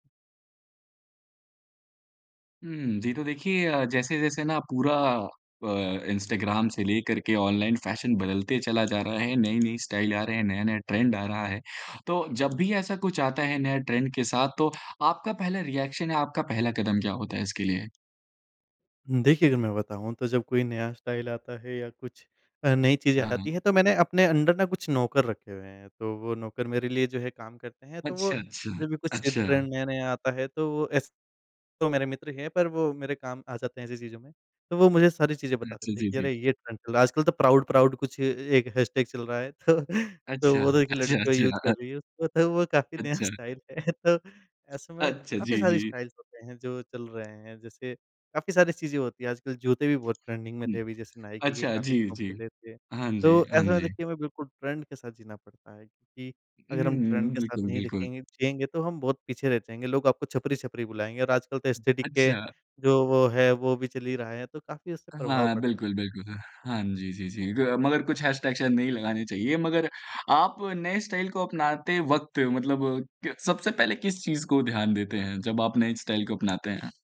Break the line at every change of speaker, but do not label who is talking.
हुँ, जी तो देखिए अ, जैसे-जैसे ना पूरा प इंस्टाग्राम से लेकर के ऑनलाइन फ़ैशन बदलते चला जा रहा है। नई-नई स्टाइल आ रहे हैं, नया-नया ट्रेंड आ रहा है, तो जब भी ऐसा कुछ आता है नया ट्रेंड के साथ तो आपका पहला रिएक्शन है या आपका पहला कदम क्या होता है इसके लिए?
हुँ, देखिए अगर मैं बताऊँ तो जब कोई नया स्टाइल आता है या कुछ अ, नई चीज़ें
हाँ,
आती
हाँ।
हैं तो मैंने अपने अंडर ना कुछ नौकर रखे हुए हैं, तो वो नौकर मेरे लिए जो है काम करते हैं। तो वो
अच्छा, अच्छा,
जब भी कुछ
अच्छा।
ट्रेंड नया-नया आता है तो वो एस तो मेरे मित्र हैं पर वो मेरे काम आ जाते हैं ऐसी चीज़ों में। तो वो मुझे सारी चीज़ें बता
अच्छा,
देते हैं
जी,
कि
जी।
अरे! ये ट्रेंड चल रहा है। आजकल तो प्राउड-प्राउड कुछ ए एक हैशटैग चल रहा है तो तो
अच्छा।
वो तो एक
अच्छा,
लड़की यूज़
अच्छा,
कर
अग
रही है उसको तो वो काफ़ी नया
अच्छा।
स्टाइल है तो ऐसे में
अच्छा
काफ़ी
जी,
सारी
जी।
स्टाइल्स होते हैं जो चल रहे हैं। जैसे काफ़ी सारी चीज़ें होती हैं आजकल जूते भी बहुत ट्रेंडिंग में
हुँ।
थे अभी जैसे नाइकी के
अच्छा
काफ़ी
जी,
दिनों
जी।
पहले थे।
हाँ जी,
तो
हाँ
ऐसा
जी।
देखिए मैं बिल्कुल ट्रेंड के साथ जीना पड़ता है क्योंकि
उ,
अगर हम ट्रेंड
हुँ,
के साथ
बिल्कुल,
नहीं
बिल्कुल।
दिखेंगे जिएँगे तो हम बहुत पीछे रह जाएँगे। लोग आपको छपरी-छपरी बुलाएँगे और आजकल तो एस्थेटिक के
अच्छा।
जो वो है वो भी चल ही रहा है तो काफ़ी उससे प्रभाव
हाँ
पड़ता है।
बिल्कुल, बिल्कुल। हाँ जी, जी, जी ग मगर कुछ हैशटैग शायद नहीं लगाने चाहिए। मगर आप नए स्टाइल को अपनाते वक़्त मतलब क सबसे पहले किस चीज़ को ध्यान देते हैं जब आप नई स्टाइल को अपनाते हैं?